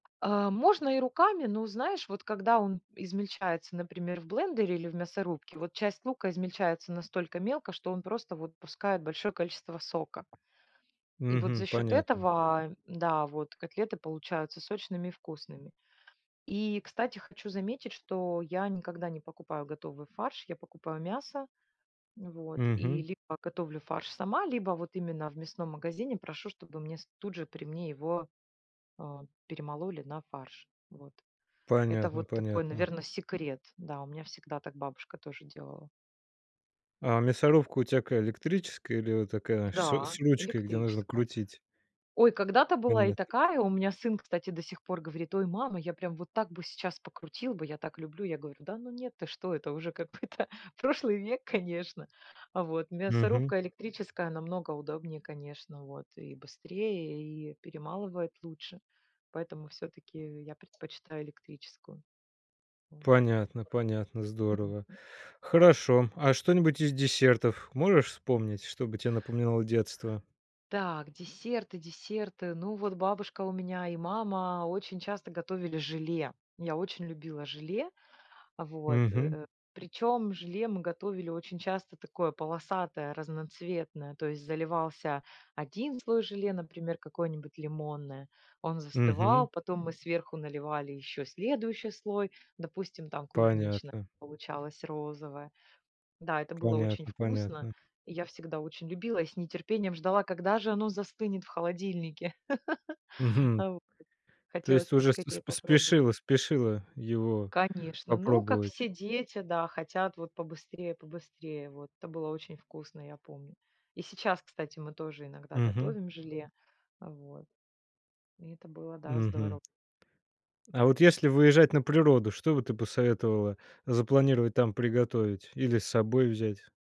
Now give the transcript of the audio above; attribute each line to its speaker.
Speaker 1: А, можно и руками, но, знаешь, вот когда он измельчается, например, в блендере или в мясорубке, вот часть лука измельчается настолько мелко, что он просто вот пускает большое количество сока. И вот за
Speaker 2: Мгм.
Speaker 1: счет
Speaker 2: Понятно.
Speaker 1: этого да, вот котлеты получаются сочными и вкусными. И, кстати, хочу заметить, что я никогда не покупаю готовый фарш, я покупаю мясо. Вот. И
Speaker 2: Мгм.
Speaker 1: либо готовлю фарш сама, либо вот именно в мясном магазине прошу, чтобы мне с тут же при мне его, а, перемололи на фарш. Вот. Это
Speaker 2: Понятно
Speaker 1: вот такой,
Speaker 2: понятно.
Speaker 1: наверно, секрет. Да, у меня всегда так бабушка тоже делала.
Speaker 2: А мясорубка у тебя какая электрическая или вот такая шс
Speaker 1: Да,
Speaker 2: с ручкой, где нужно
Speaker 1: электрическая.
Speaker 2: крутить?
Speaker 1: Ой, когда-то была и
Speaker 2: Понятно.
Speaker 1: такая. У меня сын, кстати, до сих пор говорит: "Ой, мама, я прям вот так бы сейчас покрутил бы, я так люблю". Я говорю: "Да ну, нет, ты что?" Это уже какой-то прошлый век, конечно. А, вот,
Speaker 2: Мгм.
Speaker 1: мясорубка электрическая намного удобнее, конечно, вот и быстрее, и перемалывает лучше. Поэтому всё-таки я предпочитаю электрическую. Вот.
Speaker 2: Понятно понятно, здорово. Хорошо. А что-нибудь из десертов можешь вспомнить, что бы тебе напоминало детство?
Speaker 1: Так, десерты десерты. Ну, вот бабушка у меня и мама очень часто готовили желе. Я очень любила желе. Вот,
Speaker 2: Мгм.
Speaker 1: э. Причем желе мы готовили очень часто такое полосатое, разноцветное. То есть заливался 1 слой желе, например, какое-нибудь лимонное, он
Speaker 2: Мгм.
Speaker 1: застывал, потом мы сверху наливали еще следующий слой, допустим, там, клубничное,
Speaker 2: Понятно.
Speaker 1: получалось розовое. Да, это было очень
Speaker 2: Понятно
Speaker 1: вкусно.
Speaker 2: понятно.
Speaker 1: И я всегда очень любила и с нетерпением ждала, когда же оно застынет в холодильнике.
Speaker 2: Мгм.
Speaker 1: Вот.
Speaker 2: То
Speaker 1: Хотелось
Speaker 2: есть ты уже с с
Speaker 1: поскорее попробовать.
Speaker 2: спешила спешила его
Speaker 1: Конечно, ну, как
Speaker 2: попробовать.
Speaker 1: все дети, да, хотят вот побыстрее побыстрее, вот. Это было очень вкусно, я помню. И сейчас, кстати, мы тоже иногда
Speaker 2: Мгм.
Speaker 1: готовим желе. Вот. И это было, да,
Speaker 2: Мгм.
Speaker 1: здорово.
Speaker 2: А вот если выезжать на природу, что бы ты посоветовала запланировать там приготовить или с собой взять?